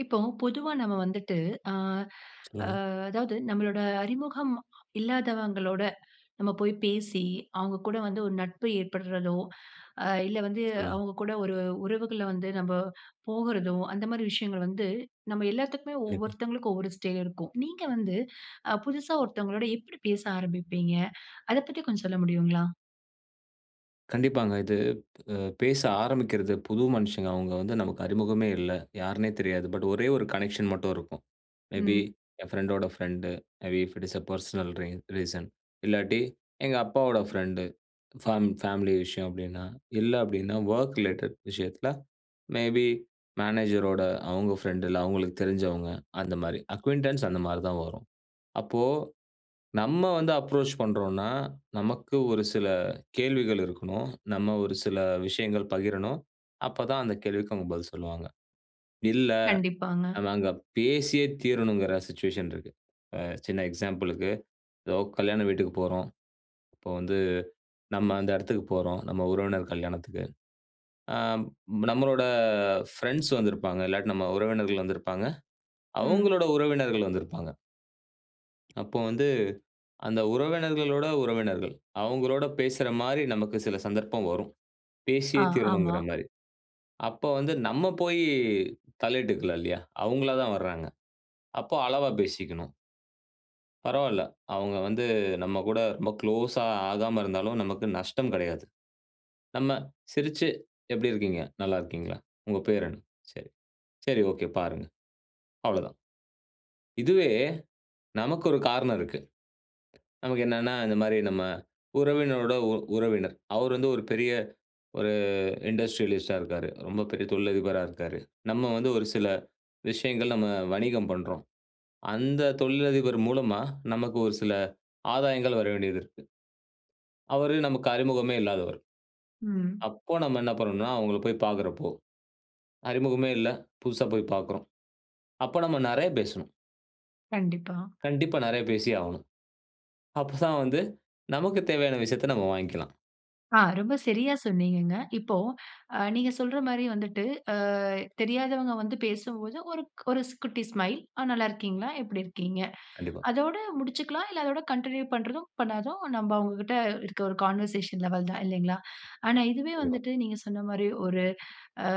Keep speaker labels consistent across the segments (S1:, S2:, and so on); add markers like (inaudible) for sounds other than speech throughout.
S1: இப்போ பொதுவா நம்ம வந்துட்டு, ஆ, அ,
S2: சொல்லுங்க.
S1: அதாவது நம்மளோட அறிமுகம் இல்லாதவங்களோட நம்ம போயி பேசி, அவுங்க கூட வந்து ஒரு நட்பு ஏற்படறதோ, அ இல்ல வந்து
S2: சொல்லுங்க.
S1: அவுங்க கூட ஒரு உறவுகள வந்து நம்ம போகுறதோ, அந்த மாரி விஷயங்கள் வந்து நம்ம எல்லாத்துக்குமே
S2: கண்டிப்பா.
S1: ஒவ்வொருத்தவங்களுக்கு ஒவ்வொரு ஸ்டைல் இருக்கும். நீங்க வந்து அ புதுசா ஒருத்தவங்களோட எப்டி பேச ஆரம்பிப்பீங்க? அத பத்தி கொஞ்சம் சொல்ல முடியுங்களா?
S2: கண்டிப்பாங்க. இது அ பேச ஆரம்பிக்கறது புது மனுஷங்க அவுங்க வந்து நமக்கு அறிமுகமே இல்ல. யாருன்னே தெரியாது. பட் ஒரே ஒரு கனெக்ஷன் மட்டும் இருக்கும். மே பீ
S1: ம்.
S2: என் ஃப்ரெண்டோட friend, maybe if it is a personal ரீன் ரீசன். இல்லாட்டி எங்க அப்பாவோட ஃப்ரெண்ட் ஃபேம் ஃபேமிலி விஷயம் அப்டின்னா, இல்ல அப்டின்னா வொர்க் ரிலேட்டட் விஷயத்துல, மே பீ மேனேஜரோட அவுங்க ஃப்ரெண்ட் இல்ல அவுங்களுக்கு தெரிஞ்சவங்க அந்த மாரி. அக்கியூன்டன்ஸ் அந்த மாரி தான் வரும். அப்போ, நம்ம வந்து அப்ரோச் பண்றோம்ன்னா, நமக்கு ஒரு சில கேள்விகள் இருக்கணும். நம்ம ஒரு சில விஷயங்கள் பகிரணும். அப்ப தான் அந்த கேள்விக்கு அவுங்க பதில் சொல்வாங்க. இல்ல,
S1: கண்டிப்பாங்க.
S2: அ நாங்க பேசியே தீரணும்ங்கற சிச்சுவேஷன் இருக்கு. அ சின்ன எக்ஸாம்பிள்க்கு, ஏதோ கல்யாண வீட்டுக்குப் போறோம். அப்ப வந்து நம்ம அந்த எடத்துக்கு போறோம், நம்ம உறவினர் கல்யாணத்துக்கு. அம், நம்மளோட ஃப்ரெண்ட்ஸ் வந்திருப்பாங்க. இல்லாட்டி நம்ம உறவினர்கள் வந்திருப்பாங்க.
S1: ம்.
S2: அவுங்களோட உறவினர்கள் வந்திருப்பாங்க. அப்ப வந்து அந்த உறவினர்களோட உறவினர்கள். அவுங்களோட பேசுறமாரி நமக்கு சில சந்தர்ப்பம் வரும்.
S1: ஆ.
S2: பேசியே
S1: ஆமா.
S2: தீரணுங்குறமாரி. அப்போ வந்து நம்ம போயி தலையிட்டுக்கலாம் இல்லயா! அவுங்களா தான் வராங்க. அப்போ அளவா பேசிக்கணும். பரவாயில்ல. அவுங்க வந்து, நம்ம கூட ரொம்ப குளோஸா ஆகாம இருந்தாலும், நமக்கு நஷ்டம் கிடையாது. நம்ம சிரிச்சி எப்பிடி இருக்கீங்க? நல்லா இருக்கீங்களா? உங்க பேர் என்ன? சரி. சரி ஓகே. பாருங்க. அவ்ளோதான். இதுவே நமக்கு ஒரு காரணம் இருக்கு. நமக்கு என்னன்னா, இந்தமாரி நம்ம உறவினரோட உ உறவினர். அவரு வந்து ஒரு பெரிய ஒரு இண்டஸ்ட்ரியலிஸ்ட்டா இருக்கிறாரு. ரொம்ப பெரிய தொழிலதிபரா இருக்காரு. நம்ம வந்து ஒரு சில விஷயங்கள் நம்ம வணிகம் பண்றோம். அந்த தொழிலதிபர் மூலமா நமக்கு ஒரு சில ஆதாயங்கள் வர வேண்டியது இருக்கு. அவரு நமக்கு அறிமுகமே இல்லாதவர்.
S1: ம்.
S2: அப்போ நம்ம என்ன பண்ணனுன்னா, அவுங்கள போய் பார்க்கிறப்போ, அறிமுகமே இல்ல புதுசா போய் பார்க்குறோம். அப்போ நம்ம நிறையா பேசணும்.
S1: கண்டிப்பா.
S2: கண்டிப்பா நிறையா பேசியே ஆகணும். அப்பதான் வந்து நமக்கு தேவையான விஷயத்த நம்ம வாங்கிக்கலாம்.
S1: ஆ ரொம்ப சரியா சொன்னீங்கங்க. இப்போ அ நீங்க சொல்ற மாரி வந்துட்டு ஆ தெரியாதவங்க வந்து பேசும்போது ஒரு ஒரு ஸ் குட்டி ஸ்மைல், "ஆ நல்லாருக்கீங்களா? எப்டி இருக்கீங்க?"
S2: கண்டிப்பா.
S1: அதோட முடிச்சுக்கலாம். இல்ல அதோட கன்டின்யூ பண்றதும், பண்ணதாதும் நம்ப அவங்கக்கிட்ட இருக்க ஒரு கான்வர்சேஷன் லெவல் தான் இல்லைங்களா? ஆனா இதுவே
S2: கண்டிப்பா.
S1: வந்துட்டு நீங்க சொன்ன மாரி ஒரு ஆ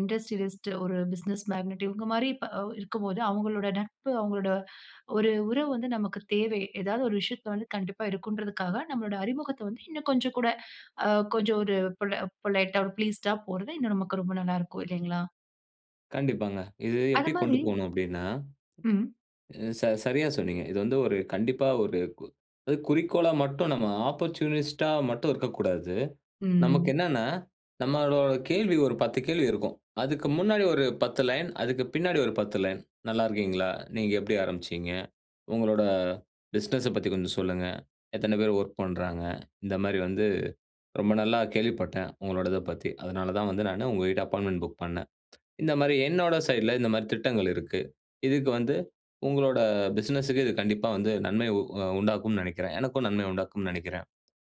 S1: இண்டஸ்ட்ரியலிஸ்ட் ஒரு பிசினஸ் மேக்னட் இவங்க மாரி இப்ப அவ் இருக்கும்போது அவங்களோட நட்பு, அவங்களோட ஒரு உறவு வந்து நமக்கு தேவை. ஏதாவது ஒரு விஷயத்தில வந்து கண்டிப்பா இருக்கும்ன்றதுக்காக நம்மளோட அறிமுகத்த வந்து இன்னும் கொஞ்சம் கூட, ஆ கொஞ்சம் ஒரு பொல பொலைட்டா ஒரு ப்ளீஸ்ட்டா போறது இன்னும் நமக்கு ரொம்ப நல்லாருக்கும், இல்லைங்களா?
S2: கண்டிப்பாங்க. இது
S1: அத
S2: எப்டி கொண்டு
S1: மாரி
S2: போணும் அப்டின்னா,
S1: ம்.
S2: அ ச சரியா சொன்னீங்க. இது வந்து ஒரு கண்டிப்பா ஒரு கு அது குறிக்கோளா மட்டும் நம்ம ஆப்பர்ச்சுனிஸ்ட்டா மட்டும் இருக்கக்கூடாது. நமக்கு
S1: ம்.
S2: என்னன்னா, நம்மளோட கேள்வி ஒரு 10 கேள்வி இருக்கும். அதுக்கு முன்னாடி ஒரு 10 லைன், அதுக்கு பின்னாடி ஒரு 10 லைன், "நல்லா இருக்கீங்களா, நீங்க எப்டி ஆரம்பிச்சீங்க, உங்களோட பிசினஸ பத்தி கொஞ்சம் சொல்லுங்க, எத்தனை பேர் வொர்க் பண்றாங்க, இந்த மாரி வந்து ரொம்ப நல்லா கேள்விப்பட்டேன், உங்களோடதப் பத்தி. அதனால தான் வந்து நானு உங்ககிட்ட அப்பாயின்ட்மென்ட் புக் பண்ணேன். (tsk) இந்த மாரி என்னோட சைட்ல இந்த மாரி திட்டங்கள் இருக்கு. இதுக்கு வந்து உங்களோட பிசினஸ்க்கு இது கண்டிப்பா வந்து நன்மை உ அ உண்டாக்கும்னு நெனைக்கிறேன். எனக்கும் நன்மை உண்டாக்கும்னு நெனைக்கிறேன்.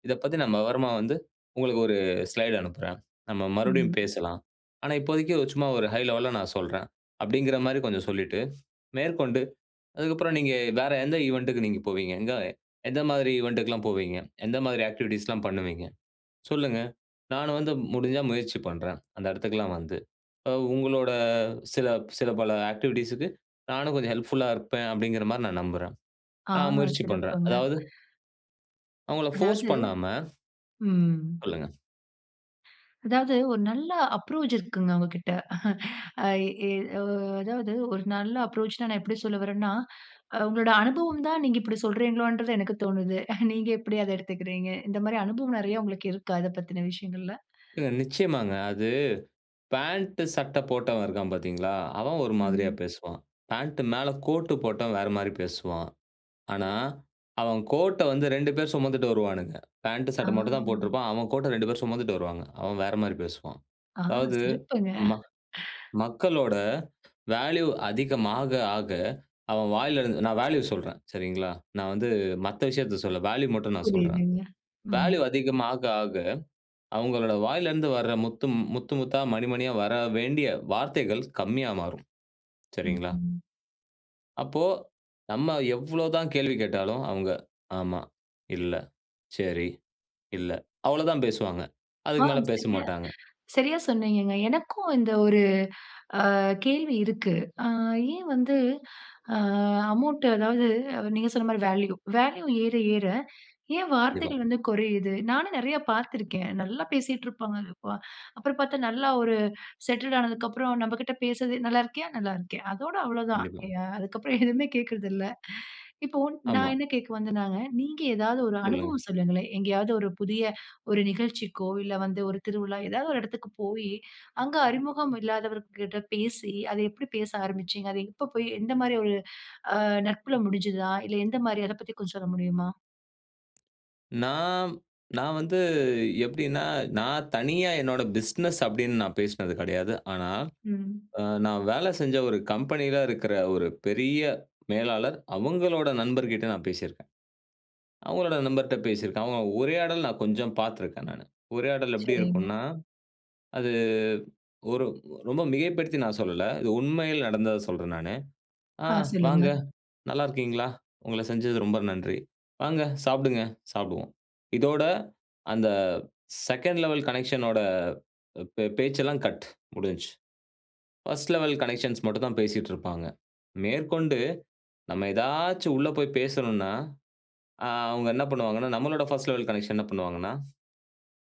S2: இதப் பத்தி நான் விவரமா வந்து உங்களுக்கு ஒரு ஸ்லைட் அனுப்புறேன். நம்ம மறுபடியும்
S1: ம்.
S2: பேசலாம். ஆனா இப்போதைக்கு ஒ சும்மா ஒரு ஹை லெவல்ல நான் சொல்றேன்," அப்டிங்கிற மாரி கொஞ்சம் சொல்லிட்டு மேற்கொண்டு, அதுக்கப்புறம் நீங்க வேற எந்த ஈவன்ட்க்கு நீங்க போவீங்க, எங்க எந்த மாதிரி ஈவன்ட்க்குலாம் போவீங்க, எந்த மாதிரி ஆக்டிவிட்டீஸ்லாம் பண்ணுவீங்க, சொல்லுங்க. நானும் வந்து முடிஞ்சா முயற்சி பண்றேன், அந்த இடத்துக்கெல்லாம் வந்து. அ உங்களோட சில சில பல ஆக்டிவிட்டீஸ்க்கு நானும் கொஞ்சம் ஹெல்ப்ஃபுல்லா இருப்பேன், அப்டிங்கிற மாரி நான் நம்புறேன்.
S1: ஆ,
S2: நான் முயற்சி பண்றேன்.
S1: சிறப்புங்க.
S2: அதாவது அவங்கள போர்ஸ்
S1: அதாவது
S2: பண்ணாம
S1: ம்.
S2: சொல்லுங்க.
S1: அதாவது ஒரு நல்ல அப்ரோச் இருக்குங்க, அவங்ககிட்ட (chuckles) அ இ உ அதாவது ஒரு நல்ல அப்ரோச்னு நான் எப்டி சொல்ல வரறேன்னா, அ உங்களோட அனுபவம் தான் நீங்க இப்டி சொல்கிறீங்களோன்றது எனக்கு தோணுது. நீங்க எப்டி அத எடுத்துக்குறீங்க? இந்த மாரி அனுபவம் நிறைய இருக்கா, இத பத்தின விஷயங்கள்ல?
S2: ஏங்க, நிச்சயமாங்க. அது பாண்ட், சட்ட போட்டவன் இருக்கான் பார்த்தீங்களா, அவன் ஒரு மாதிரியா
S1: ம்.
S2: பேசுவான். பாண்ட் மேல கோட்டு போட்டவன் வேற மாரி பேசுவான். ஆனா, அவன் கோட்ட வந்து 2 பேர் சுமந்துட்டு வருவானுங்க. பாண்ட்டு.
S1: ஆ
S2: சட்ட மட்டும் தான் போட்ருப்பான். அவன் கோட்ட 2 பேரும் சுமந்துட்டு வருவாங்க. அவன் வேற மாரி பேசுவான்.
S1: ஆ.
S2: அதாவது.
S1: சிறப்புங்க.
S2: ம
S1: (chuckles)
S2: மக்களோட வேல்யூ அதிகமா ஆக. அவன் வாயில இருந்து நான் வேல்யூ சொல்றேன். சரிங்களா? நான் வந்து மத்த விஷயத்த சொல்ல. வேல்யூ மட்டும் நான் சொல்றன்.
S1: புரியுதுங்க. ம்
S2: வேல்யூ அதிகமா ஆக, அவங்களோட வாயில இருந்து வர முத்து முத்து, முத்தா, மணி மணியா வர வேண்டிய வார்த்தைகள் கம்மியா மாறும்.
S1: ம்.
S2: சரிங்களா?
S1: ம்.
S2: அப்போ, நம்ம எவ்ளோ தான் கேள்வி கேட்டாலும். அவங்க, "ஆமா, இல்ல. சரி, இல்ல." அவ்ளோதான் பேசுவாங்க.
S1: ஆ.
S2: அதுக்கு மேல
S1: சரியா
S2: பேசமாட்டாங்க.
S1: சரியா சொன்னீங்கங்க. எனக்கும் இந்த ஒரு அ கேள்வி இருக்கு. ஆ. ஏன் வந்து. ஆ அமவுண்ட் அதாவது அவ நீங்க சொன்ன மாரி வேல்யூ வேல்யூ ஏற, ஏற, ஏன்
S2: கண்டிப்பா.
S1: வார்த்தைகள் வந்து குறையுது? நானும் நிறைய பார்த்து இருக்கேன். நல்லா பேசிட்ருப்பாங்க, இப்ப. அப்புறம் பார்த்தா நல்லா ஒரு செட்டெட் ஆனதுக்கு அப்புறம் நம்மகிட்ட பேசுறதே. "நல்லா இருக்கியா? நல்லா இருக்கேன்" அதோட அவ்வளவு தான்.
S2: கண்டிப்பா.
S1: யா அதுக்கபுறம் எதுவுமே கேட்கறதில்ல. இப்போ நான்
S2: ஆமா.
S1: என்ன கேட்க வந்தேன்னாக, நீங்க ஏதாவது ஒரு
S2: சொல்லுங்க.
S1: அனுபவம் சொல்லுங்களேன். எங்கேயாவது ஒரு புதிய ஒரு நிகழ்ச்சிக்கோ, இல்ல வந்து ஒரு திருவிழா. ஏதாவது ஒரு இடத்துக்கு போய். அங்கு அறிமுகம் இல்லாதவர்கள்ட பேசி, அத எப்டி பேச ஆரம்பிச்சீங்க? அது எப்ப போய் எந்த மாரி ஒரு ஆ நட்புல முடிஞ்சிதா? இல்ல எந்த மாரி, அத பத்தி கொஞ்சம் சொல்ல முடியுமா?
S2: நான், நான் வந்து எப்பிடின்னா, நான் தனியா என்னோட பிசினஸ் அப்பிடின்னு நான் பேசுனது கெடையாது. ஆனா,
S1: ம்.
S2: அ நான் வேலை செஞ்ச ஒரு கம்பெனிலாம் இருக்குற ஒரு பெரிய மேலாளர். அவுங்களோட நண்பர்கிட்ட நான் பேசிருக்கேன். அவங்களோட நண்பர்ட்ட பேசிருக்கேன். ஆமா, உரையாடல் நான் கொஞ்சம் பார்த்திருக்கேன் நானு. உரையாடல் எப்பிடி
S1: சரிங்க.
S2: இருக்குன்னா, அது ஒரு ரொம்ப மிகைப்படுத்தி நான் சொல்லல. இது உண்மையில் நடந்தத சொல்றேன் நானு. "ஆ
S1: ஆ, சொல்லுங்க.
S2: வாங்க நல்லா இருக்கீங்ளா? உங்கள செஞ்சது ரொம்ப நன்றி. வாங்க சாப்புடுங்க, சாப்புடுவோம்." இதோட அந்த செகண்ட் லெவல் கனெக்ஷன் ஓட பே பேச்செல்லாம் கட் முடிஞ்சு. பர்ஸ்ட் லெவல் கனெக்ஷன்ஸ் மட்டும் தான் பேசிட்ருப்பாங்க. மேற்கொண்டு நம்ம ஏதாச்சும் உள்ள போய் பேசணுன்னா, அ அவுங்க என்ன பண்ணுவாங்கணா, நம்மளோட ஃபர்ஸ்ட் லெவல் கனெக்ஷன் என்ன பண்ணுவாங்கணா,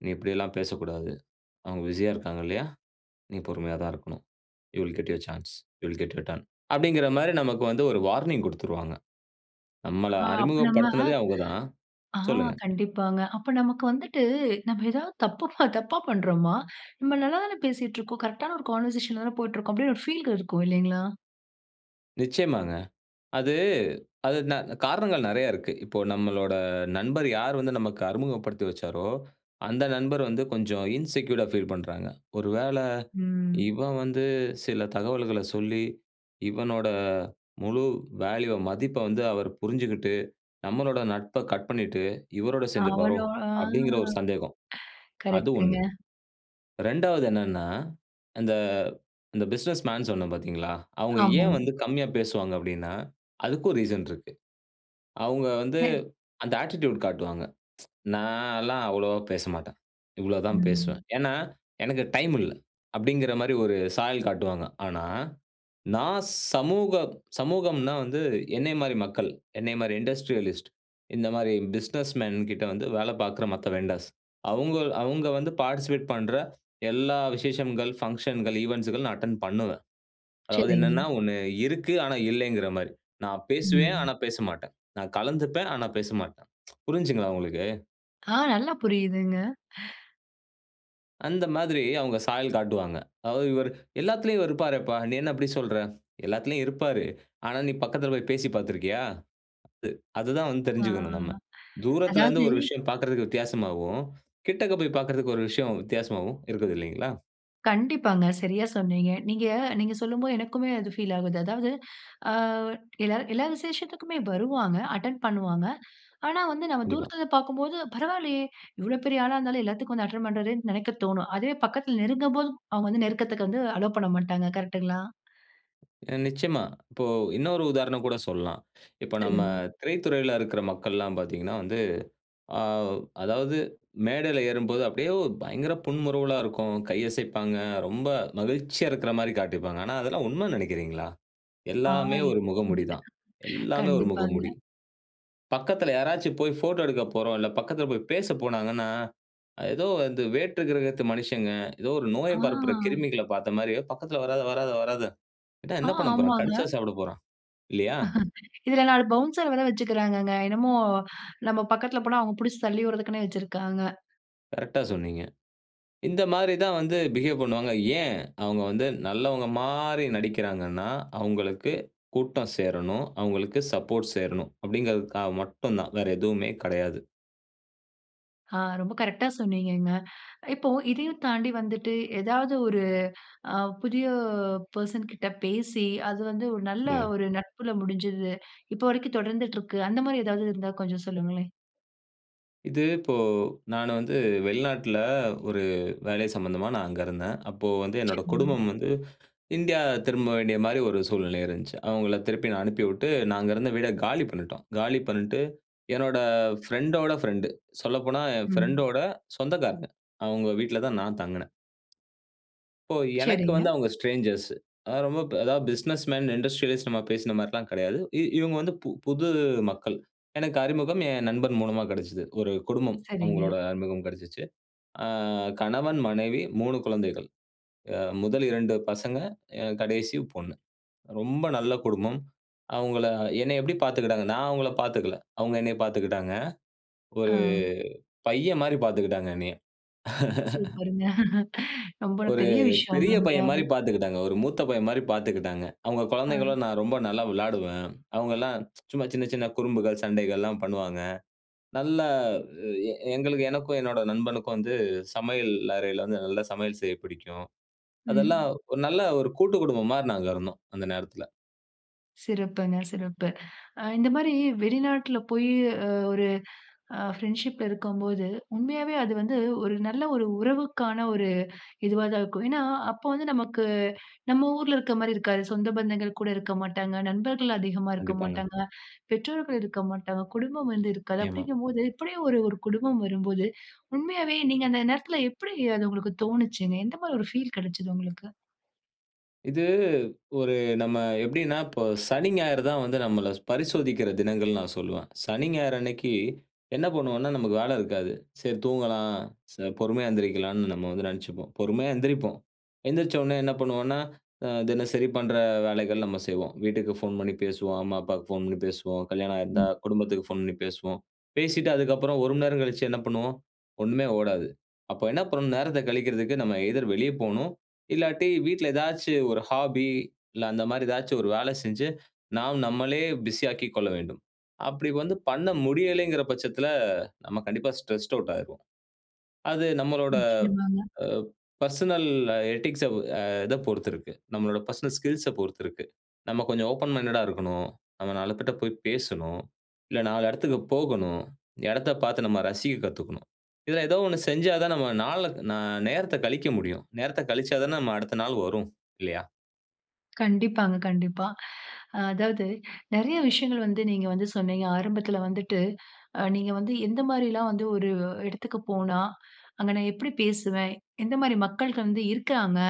S2: நீ இப்பிடியெல்லாம் பேசக்கூடாது. அவுங்க பிசியா இருக்காங்க இல்லயா? நீ பொறுமையா தான் இருக்கணும் you will get your chance, you will get your turn அப்பிடிங்கிற மாரி நமக்கு வந்து ஒரு வார்னிங் குடுத்துருவாங்க. நம்மள
S1: ஆ அப்ப நம்ம
S2: அறிமுகப்படுத்துனதே அவுங்க தான்.
S1: ஆ
S2: சொல்லுங்க.
S1: கண்டிப்பாங்க. அப்ப நமக்கு வந்துட்டு நம்ம ஏதாவது தப்புபா தப்பா பண்றோமா? நம்ம நல்லா தானே பேசிட்டுருக்கோம். கரெக்ட்டான ஒரு கான்வர்சேஷன் ல தானே போயிட்டுருக்கோம். அப்பிடின்னு ஒரு ஃபீல் க இருக்கும். இல்லேங்ளா!
S2: நிச்சியமாங்க. அது அது ந காரணங்கள் நெறைய இருக்கு. இப்போ நம்மளோட நண்பர் யார் வந்து நமக்கு அறிமுகப்படுத்தி வச்சாரோ, அந்த நண்பர் வந்து கொஞ்சம் இன்செக்யூர்ட்டா ஃபீல் பண்றாங்க. ஒரு வேள
S1: ம்.
S2: இவன் வந்து சில தகவல்கள சொல்லி, இவனோட முழு வேல்யூவ மதிப்ப வந்து அவர் புரிஞ்சுகிட்டு, நம்மளோட நட்ப கட் பண்ணிட்டு, இவரோட சேர்ந்திருப்பாரோ?
S1: அவனோ, ஆ
S2: அப்டிங்கிற ஒரு சந்தேகம். அது
S1: கரெக்ட்ங்க.
S2: ஒண்ணு. 2வது என்னன்னா, அந்த அந்த பிசினஸ் மேன் சொன்னே பார்த்தீங்களா? அவங்க ஏன்
S1: ஆமாங்க.
S2: வந்து கம்மியா பேசுவாங்க அப்டின்னா, அதுக்கும் ரீசன் இருக்கு. அவங்க வந்து
S1: அ.
S2: அந்த அட்டிட்யூட் காட்டுவாங்க. (tsk) நான்லாம் அவ்வளவா பேசமாட்டேன். இவ்வளோ தான் பேசுவேன்.
S1: ம்.
S2: ஏன்னா, எனக்கு டைம் இல்ல. அப்டிங்கிற மாரி ஒரு சாயல் காட்டுவாங்க. ஆனா, நான் சமூக சமூகம்னா வந்து என்னைய மாரி மக்கள், என்னைய மாரி இண்டஸ்ட்ரியலிஸ்ட் இந்த மாரி பிசினஸ் மேன் கிட்ட வந்து வேல பார்க்குற மத்த வெண்டர்ஸ் அவங்க அவங்க வந்து பார்டிசிபேட் பண்ற, எல்லா விசேஷங்கள், பங்ஷன்கள், ஈவன்ட்ஸ்கள் நான் அட்டெண்ட் பண்ணுவேன். அதாவது
S1: சரிங்க.
S2: என்னன்னா, "ஒன்னு இருக்கு ஆனா இல்ல" ங்கிற மாரி. நான் பேசுவேன் ஆனா
S1: ம்.
S2: பேச மாட்டேன். நான் கலந்துப்பேன் ஆனா பேசமாட்டேன். (tsk) புரிஞ்சுங்களா உங்களுக்கு?
S1: ஆ. நல்லா புரியிதுங்க.
S2: அந்த மாதிரி அவங்க சாயல் காட்டுவாங்க. அதாவது இவர் "எல்லாத்துலயும் இவர் இருப்பாரேப்பா, நீ என்ன இப்டி சொல்ற?" "எல்லாத்துலயும் இருப்பாரு. ஆனா நீ பக்கத்துல போய் பேசி பார்த்திருக்கியா?" அது அதுதான் வந்து
S1: ஆ.
S2: தெரிஞ்சுக்கணும் நம்ம. தூரத்துல
S1: அதாவது
S2: இருந்து ஒரு விஷயம் பார்க்கறதுக்கு வித்தியாசமாவும், கிட்டக்க போய் பார்க்கறதுக்கு ஒரு விஷயம் வித்தியாசமாவும் இருக்குது இல்லைங்களா?
S1: கண்டிப்பாங்க, சரியா சொன்னீங்க. நீங்க, நீங்க சொல்லும்போது எனக்குமே அது பீல் ஆவுது. அதாவது ஆ எல்லாரு எல்லா விசேஷத்துக்குமே வருவாங்க. அட்டெண்ட் பண்ணுவாங்க. ஆனா வந்து நம்ம
S2: கண்டிப்பா.
S1: தூரத்துல இருந்து பார்க்கும்போது "பரவாயில்லையே இவ்ளோ பெரிய ஆளா இருந்தாலும். எல்லாத்துக்கும் வந்து அட்டெண்ட் பண்றாறேன்னு." நெனைக்க தோணும். அதுவே பக்கத்துல நெருங்கும்போது அவங்க வந்து நெருக்கத்துக்கு வந்து அலோ பண்ணமாட்டாங்க. கரெக்ட்ங்குளா?
S2: நிச்சயமா. இப்போ இன்னொரு உதாரணம் கூட சொல்லாம். இப்ப நம்ம
S1: சொல்லுங்க.
S2: திரைத்துறையில இருக்குற மக்கள்லாம் பார்த்தீங்கன்னா வந்து. ஆ அதாவது மேடையில ஏறும்போது அப்டியே பயங்கர புன்முறுவலா இருக்கும். கையசைப்பாங்க, ரொம்ப மகிழ்ச்சியா இருக்கிற மாரி காட்டிப்பாங்க. ஆனா அதெல்லாம் உண்மைன்னு நெனைக்கிறீங்களா?
S1: ஆ
S2: எல்லாமே
S1: இப்
S2: ஒரு
S1: (unintelligible)
S2: முகமுடி தான்.
S1: (chuckles)
S2: எல்லாமே ஒரு முகமுடி.
S1: கண்டிப்பாங்க.
S2: பக்கத்துல யாராச்சு போய் ஃபோட்டோ எடுக்க போறோம்ல்ல பக்கத்துல போய் பேச போனாங்கன்னா, ஏதோ வந்து வேற்று கிரகத்து மனிஷங்க ஏதோ ஒரு நோய பரப்புற
S1: ஆ.
S2: கிருமிகள பார்த்த மாரியே "பக்கத்துல வராத, வராத, வராத."
S1: ஆ,
S2: என்ன பண்ண போறோம்? கடிச்சா
S1: ஆமாங்க.
S2: சாப்பட போறோம். இல்லையா?
S1: (chuckles) இதுல 4 பவுன்சர் வேற வச்சுக்குறாங்கங்க. என்னமோ நம்ப பக்கத்துல போனா அவங்க புடிச்சு தள்ளி உடுறதுக்குனே வச்சுருக்குறாங்க.
S2: கரெக்ட்டா சொன்னீங்க. இந்த மாரி தான் வந்து பிஹேவ் பண்ணுவாங்க. ஏன் அவங்க வந்து நல்லவங்க மாரி நடிக்கிறாங்கன்னா, அவங்களுக்கு கூட்டம் சேரணும், அவங்களுக்கு சப்போர்ட் சேரணும் அப்படிங்கிறதுக்காக மட்டும்தான். வேற எதுவுமே கெடையாது.
S1: ஆ, ரொம்ப கரெக்ட்டா சொன்னீங்கங்க. இப்போ இதையும் தாண்டி வந்துட்டு ஏதாவது ஒரு அ புதிய பெர்சன் கிட்ட பேசி, அது வந்து ஒரு நல்ல
S2: சொல்லுங்க.
S1: ஒரு நட்பில முடிஞ்சது. இப்போ வரைக்கும் தொடர்ந்துட்டு இருக்கு. அந்த மாரி ஏதாவது இருந்தா கொஞ்சம் சொல்லுங்களேன்.
S2: இது இப்போ நானு வந்து வெளிநாட்டுல ஒரு வேலை சம்மந்தமா நான் அங்க இருந்தேன். அப்போ வந்து என்னோட
S1: சரி.
S2: குடும்பம் வந்து இந்தியா திரும்ப வேண்டிய மாரி ஒரு சூழ்நிலை இருந்துச்சு. அவங்கள திருப்பி நான் அனுப்பி விட்டு நான் அங்க இருந்த வீட காலி பண்ணிட்டோம். காலி பண்ணிட்டு என்னோட ஃப்ரெண்டோட ஃப்ரெண்ட். சொல்லப்போனா "என்
S1: ம்.
S2: ஃப்ரெண்டோட சொந்தக்காரங்க" அவங்க வீட்ல தான் நான் தங்கினேன் இப்போ எனக்கு
S1: சரிங்க.
S2: வந்து அவங்க ஸ்ட்ரேஞ்சர்ஸ். அதாவது ரொம்ப அதாவது பிசினஸ் மேன், இண்டஸ்ட்ரியல்ஸ் நம்ம பேசின மாதிரி எல்லாம் கிடையாது. இவங்க வந்து புது மக்கள். எனக்கு அறிமுகம் என் நண்பன் மூலமா கெடைச்சது. ஒரு குடும்பம்
S1: சரிங்க.
S2: அவங்களுடைய அறிமுகம் கெடைச்சுச்சு. ஆ கணவன், மனைவி, 3 குழந்தைகள். முதல் 2 பசங்க, கடைசி பொண்ணு. ரொம்ப நல்ல குடும்பம். அவங்களை என்னை எப்படி பாத்துக்கிட்டாங்கன்னா, நான் அவங்கள பார்த்துக்கல. அவங்க என்ன பார்த்துக்கிட்டாங்க. ஒரு
S1: ஆ.
S2: பையன் மாரி பார்த்துக்கிட்டாங்க என்னைய. (chuckles)
S1: சூப்பர்ங்க (chuckles) ரொம்ப
S2: ஒரு
S1: பெரிய விஷயம்.
S2: பெரிய பையன் மாரி
S1: உண்மையாவே.
S2: பார்த்துக்கிட்டாங்க, ஒரு மூத்த பையன் மாரி பார்த்துக்கிட்டாங்க, அவங்க
S1: ஆ.
S2: குழந்தைகளும் நான் ரொம்ப நல்லா விளாடுவேன். அவங்கலாம் (tsk) சும்மா சின்ன சின்ன குறும்புகள் சண்டைகள்லாம், பண்ணுவாங்க. நல்லா எ எ எங்களுக்கு எனக்கும், என்னோட நண்பனுக்கும் வந்து சமையல் அறையில வந்து நல்லா சமையல் செய்ய பிடிக்கும். அதெல்லாம்
S1: ம்.
S2: ஒரு நல்ல ஒரு கூட்டுக்குடும்பம் மாரி நாங்க இருந்தோம். அந்த நேரத்தில.
S1: சிறப்புங்க, சிறப்பு. அ இந்த மாரி வெளிநாட்ல போய் அ ஒரு அ ஃப்ரண்ட்ஷிப்ல இருக்கும்போது, உண்மையாவே அது வந்து ஒரு நல்ல ஒரு உறவுக்கான ஒரு இதுவா தான் இருக்கும். ஏன்னா, அப்போ வந்து நமக்கு நம்ம ஊர்ல இருக்க மாரி இருக்காது. சொந்த பந்தங்கள் கூட இருக்க மாட்டாங்க, நண்பர்கள் அதிகமா
S2: கண்டிப்பாங்க.
S1: இருக்கமாட்டாங்க, பெற்றோர்கள் இருக்கமாட்டாங்க, குடும்பம் வந்து இருக்காது.
S2: ஆமா.
S1: அப்டிங்க போது இப்டியே ஒரு, ஒரு குடும்பம் வரும்போது, உண்மையாவே நீங்க அந்த நேரத்துல எப்டி அது உங்களுக்கு தோணிச்சிங்க? எந்த மாரி ஒரு ஃபீல் கிடைச்சுது உங்களுக்கு?
S2: இது ஒரு நம்ம எப்டின்னா இப்போ சனி, ஞாயிறு தான் வந்து நம்மள பரிசோதிக்கிற தினங்கள் நான் சொல்லுவேன். சனி, ஞாயிறு அன்னைக்கி என்ன பண்ணுவோம்ன்னா, நமக்கு வேல இருக்காது. சரி தூங்கலாம் ச பொறுமையா எந்திருக்கலாம்னு நம்ம வந்து நினைச்சிப்போம். பொறுமையா எந்திரிப்போம். எந்திரிச்ச உடனே என்ன பண்ணுவோன்னா, அ தினசரி பண்ற வேலைகள் நம்ம செய்வோம். வீட்டுக்கு ஃபோன் பண்ணி பேசுவோம். அம்மா, அப்பாவுக்கு ஃபோன் பண்ணி பேசுவோம். கல்யாணம் ஆயிருந்தா
S1: ம்.
S2: குடும்பத்துக்கு ஃபோன் பண்ணி பேசுவோம். பேசிட்டு அதுக்கு அப்புறம் 1 மணி நேரம் கழிச்சு என்ன பண்ணுவோம்? ஒண்ணுமே ஓடாது. அப்போ என்ன பண்ணனும் நேரத்த கழிக்குறதுக்கு நம்ம எய்தர் வெளிய போணும், இல்லாட்டி வீட்ல ஏதாச்சு ஒரு ஹாபி, இல்ல அந்த மாரி ஏதாச்சு ஒரு வேல செஞ்சு, நாம் நம்மளே பிஸி ஆக்கிக் கொள்ள வேண்டும். அப்படி வந்து பண்ண முடியலங்கிற பட்சத்துல, நம்ம கண்டிப்பா ஸ்ட்ரெஸ்ட் அவுட் ஆயிருவோம். அது நம்மளோட
S1: நிச்சயமாங்க.
S2: அ பெர்சனல் எட்டிக்ஸ் அ இத பொறுத்து இருக்கு. நம்மளோட பெர்சனல் ஸ்கில்ஸ் அ பொறுத்து இருக்கு. நம்ம கொஞ்சம் ஓப்பன் மைண்டட் ஆ இருக்கணும். நஅங்க 4 பேர்ட போய் பேசணும், இல்ல 4 இடத்துக்கு போகணும், இடத்தப் பார்த்து நம்ம ரசிக்கக் கத்துக்கணும். இத ஏதோ ஒண்ணு செஞ்சா தான் நம்ம நாலக் ந நேரத்த கழிக்க முடியும். நேரத்தக் கழிச்சா தான நம்ம அடுத்த நாள் வரும் இல்லையா?
S1: கண்டிப்பாங்க, கண்டிப்பா. அதாவது நிறைய விஷயங்கள் வந்து நீங்க வந்து சொன்னிங்க. ஆரம்பத்தில வந்துட்டு அ நீங்க வந்து எந்த மாரில்லாம் வந்து ஒரு இடத்துக்கு போனா, "அங்க நான் எப்படி பேசுவேன்? எந்த மாரி மக்கள் வந்து இருக்காங்க?"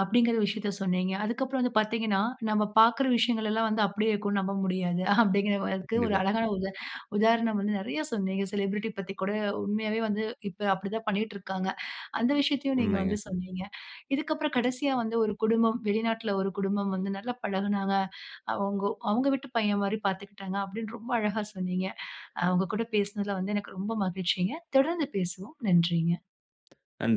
S1: அப்டிங்கற விஷயத்த சொன்னிங்க. அதுக்கு அப்புறம் வந்து பாத்தீங்கன்னா, நம்ம பாக்குற விஷயங்களல்லாம் வந்து அப்டியே இருக்கும்னு நம்ப முடியாது. அப்டிங்கறதுக்கு ஒரு
S2: கண்டிப்பா.
S1: அழகான உதா உதாரணம் வந்து நிறையா சொன்னிங்க. செலிபிரிட்டி பத்தி கூட உண்மையாவே வந்து, இப்ப அப்டி தான் பண்ணிட்டிருக்காங்க. அந்த விஷயத்தையும் நீங்க
S2: உண்மைங்க.
S1: வந்து சொன்னிங்க. இதுக்கு அப்பறம் கடைசியா வந்து ஒரு குடும்பம், வெளிநாட்ல ஒரு குடும்பம் வந்து நல்லா பழகுனாங்க. அவங்கோ அவங்க வீட்டு பையன் மாரி பார்த்துக்கிட்டாங்க. அப்டின்னு ரொம்ப அழகா சொன்னிங்க. அ உங்க கூட பேசினதில வந்து எனக்கு ரொம்ப மகிழ்ச்சிங்க. தொடர்ந்து பேசுவோம். நன்றிங்க.
S2: நன்றி.